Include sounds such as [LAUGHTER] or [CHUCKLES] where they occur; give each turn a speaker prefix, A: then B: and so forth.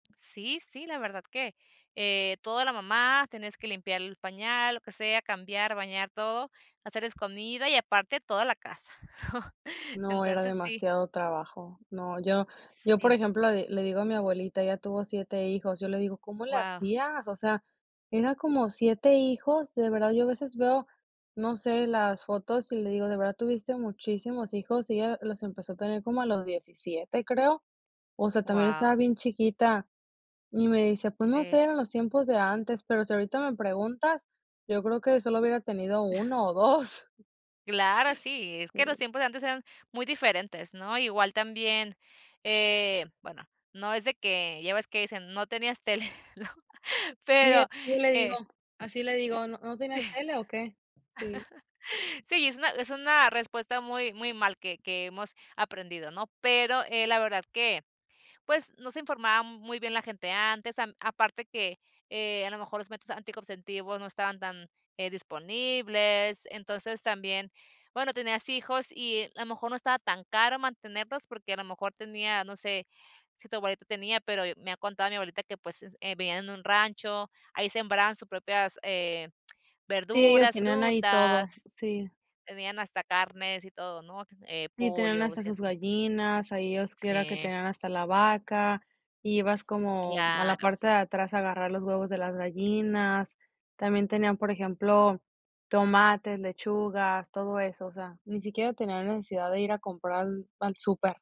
A: Sí, sí, la verdad que, eh, toda la mamá, tenés que limpiar el pañal, lo que sea, cambiar, bañar todo, hacerles comida y aparte, toda la casa. [CHUCKLES]
B: No, era
A: Entonces, sí.
B: demasiado trabajo. No, yo yo, por
A: Sí.
B: ejemplo, le le digo a mi abuelita, ella tuvo 7 hijos. Yo le digo: "¿Cómo le
A: Guau.
B: hacías?". O sea, era como 7 hijos. De verdad, yo a veces veo, no sé, las fotos y le digo: "De verdad tuviste muchísimos hijos," y ella los empezó a tener como a los 17 creo, o sea, también
A: Guau.
B: estaba bien chiquita. Y me dice: "Pues no
A: Sí.
B: sé, eran los tiempos de antes, pero si ahorita me preguntas, yo creo que solo hubiera tenido 1
A: [CHUCKLES]
B: o 2". [CHUCKLES]
A: Claro, sí, es que los
B: Sí.
A: tiempos de antes eran muy diferentes, ¿no? Igual también, eh, bueno, no es de que ya ves que dicen: "No tenías tele", ¿no?
B: Sí,
A: pero,
B: así le digo.
A: eh
B: Así le digo: "¿No no tenías
A: [LAUGHS]
B: tele o qué?" Sí.
A: Sí y, es una es una respuesta muy muy mal que que hemos aprendido, ¿no? Pero, eh, la verdad que, pues, no se informaba m muy bien la gente antes, am aparte que, eh, a lo mejor los métodos anticonceptivos no estaban tan, eh, disponibles. Entonces, también, bueno, tenías hijos y a lo mejor no estaba tan caro mantenerlos, porque a lo mejor tenía, no sé, si tu abuelita tenía, pero e me ha contado mi abuelita que, pues, eh, vivían en un rancho, ahí sembraban sus propias eh,
B: Sí, ellos
A: verduras,
B: tenían ahí todo.
A: frutas.
B: Sí.
A: Tenían hasta carnes y todo, ¿no? Eh,
B: Sí, tenían
A: pollo, o
B: hasta
A: sea,
B: sus
A: sí.
B: gallinas, ahí ellos que era que
A: Sí.
B: tenían hasta la vaca, ibas como a la
A: Claro.
B: parte de atrás a agarrar los huevos de las gallinas. También tenían, por ejemplo, tomates, lechugas, todo eso, o sea, ni siquiera tenían necesidad de ir a comprar al al súper.